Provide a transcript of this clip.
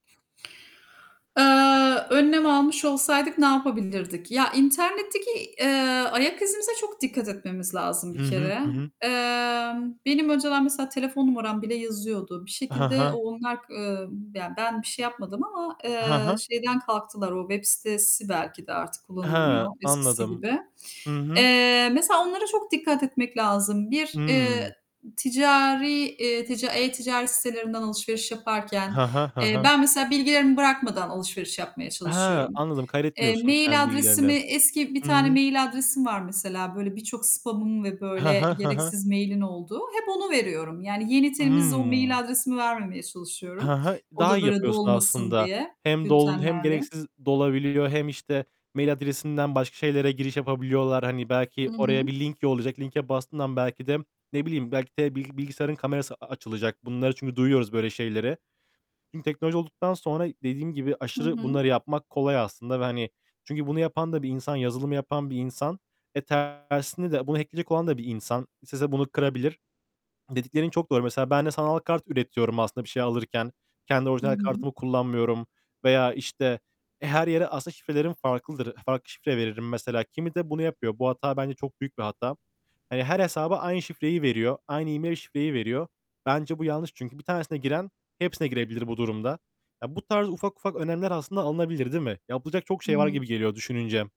Aaa, önlem almış olsaydık ne yapabilirdik? Ya, internetteki, eee, ayak izimize çok dikkat etmemiz lazım Hı bir hı, kere. hı hı. Emm, benim önceden mesela telefon numaram bile yazıyordu. Bir He şekilde o he. onlar k eee, ya, ben bir şey yapmadım ama, He eee, he. şeyden kalktılar, o web sitesi belki de artık He, kullanılmıyor eskisi anladım. gibi. Hı hı. Eee, mesela onlara çok dikkat etmek lazım. Bir, eee, Hıı. ticari, eee, tica e-ticaret sitelerinden alışveriş yaparken, He he, he eee, he. ben mesela bilgilerimi bırakmadan alışveriş yapmaya He, çalışıyorum. anladım. Eee, Kaydetmiyorsun kendi mail bilgilerini. adresimi, eski bir Hıı. tane mail adresim var mesela, böyle, birçok spam'ın ve He böyle he, he he. gereksiz mail'in olduğu. Hep onu veriyorum. Yani yeni, temiz, o mail Hıı. adresimi vermemeye Hı çalışıyorum. hı. O Daha da, iyi böyle, yapıyorsun dolmasın aslında. diye Hem dol hem bültenlerle. gereksiz dolabiliyor hem, işte, mail adresinden başka şeylere giriş yapabiliyorlar. Hani, Hı belki hı. oraya bir link yollayacak. Linke bastığın an belki de ne bileyim, belki de bil bilgisayarın kamerası açılacak. Bunları çünkü duyuyoruz böyle şeyleri. Çünkü teknoloji olduktan sonra dediğim gibi Hı aşırı hı. bunları yapmak kolay aslında ve, hani, çünkü bunu yapan da bir insan, yazılımı yapan bir insan ve tersine de bunu hack'leyecek olan da bir insan, istese bunu kırabilir. Dediklerin çok doğru, mesela ben de sanal kart üretiyorum aslında bir şey alırken. Kendi Hı orijinal hı. kartımı kullanmıyorum. Veya, işte, her yere aslında şifrelerim farklıdır, farklı şifre veririm mesela. Kimi de bunu yapıyor, bu hata bence çok büyük bir hata. Hani, her hesaba aynı şifreyi veriyor. Aynı e-mail şifreyi veriyor. Bence bu yanlış çünkü bir tanesine giren, hepsine girebilir bu durumda. Ya, bu tarz ufak ufak önlemler aslında alınabilir, değil mi? Yapılacak çok şey var Hıı. gibi geliyor düşününce.